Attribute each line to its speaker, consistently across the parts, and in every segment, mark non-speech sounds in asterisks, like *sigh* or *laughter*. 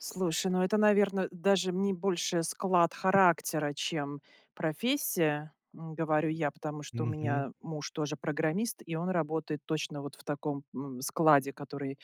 Speaker 1: Слушай, ну это, наверно, даже не больше склад характера, чем профессия, ну, говорю я. Потому что у
Speaker 2: Мгм.
Speaker 1: меня муж тоже программист, и он работает точно вот в таком, м, складе, который,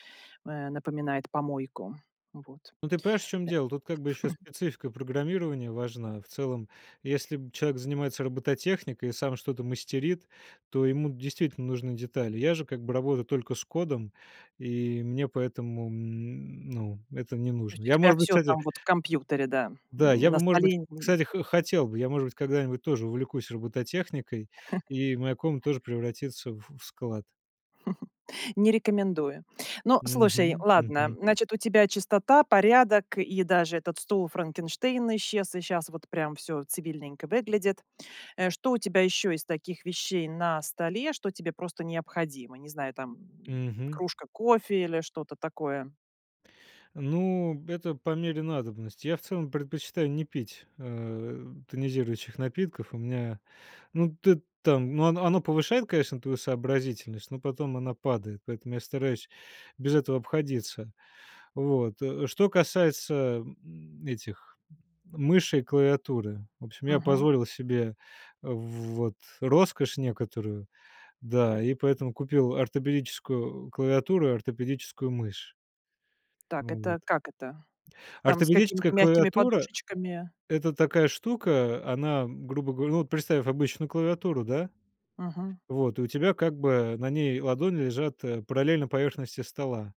Speaker 1: э, напоминает помойку. Вот.
Speaker 2: Ну, ты понимаешь, в чём дело. Тут, как
Speaker 1: Э.
Speaker 2: бы, ещё
Speaker 1: *chuckles*
Speaker 2: специфика программирования важна. В целом, если б человек занимается робототехникой и сам что-то мастерит, то ему действительно нужны детали. Я же, как бы, работаю только с кодом. И мне, поэтому, м, ну, это не
Speaker 1: То
Speaker 2: нужно.
Speaker 1: есть у
Speaker 2: Я,
Speaker 1: тебя
Speaker 2: может быть,
Speaker 1: всё
Speaker 2: кстати
Speaker 1: там вот в компьютере, да,
Speaker 2: да,
Speaker 1: м.
Speaker 2: я
Speaker 1: На
Speaker 2: бы, может быть,
Speaker 1: столе ни
Speaker 2: кстати, хо хотел бы. Я, может быть, когда-нибудь тоже увлекусь робототехникой,
Speaker 1: *chuckles*
Speaker 2: и моя комната тоже превратится в в склад.
Speaker 1: *chuckles* Не рекомендую. Ну, слушай,
Speaker 2: Мгм,
Speaker 1: ладно.
Speaker 2: мгм.
Speaker 1: Значит, у тебя чистота, порядок, и даже этот стул-Франкенштейн исчез, и щас вот прям всё цивильненько выглядит. Э, что у тебя ещё из таких вещей на столе, что тебе просто необходимо? Не знаю, там, м,
Speaker 2: Мгм.
Speaker 1: кружка кофе или что-то такое?
Speaker 2: Ну б это по мере надобности. Я, в целом, предпочитаю не пить, э, тонизирующих напитков. У меня, ну, ты там ну, оно оно повышает, конечно, твою сообразительность, но потом она падает. Поэтому я стараюсь без этого обходиться. Вот. Э, что касается, м, этих, мыши и клавиатуры. В общем, я
Speaker 1: Мгм.
Speaker 2: позволил себе вот роскошь некоторую, да, и поэтому купил ортопедическую клавиатуру и ортопедическую мышь.
Speaker 1: Так,
Speaker 2: Ну
Speaker 1: это
Speaker 2: вот.
Speaker 1: как это? Там с
Speaker 2: Ортопедическая
Speaker 1: какими-то мягкими
Speaker 2: клавиатура-
Speaker 1: подушечками?
Speaker 2: это такая штука. Она, грубо говоря ну, вот представь обычную клавиатуру, да.
Speaker 1: Мгм.
Speaker 2: Вот, и у тебя, как бы, на ней ладони лежат, э, параллельно поверхности стола.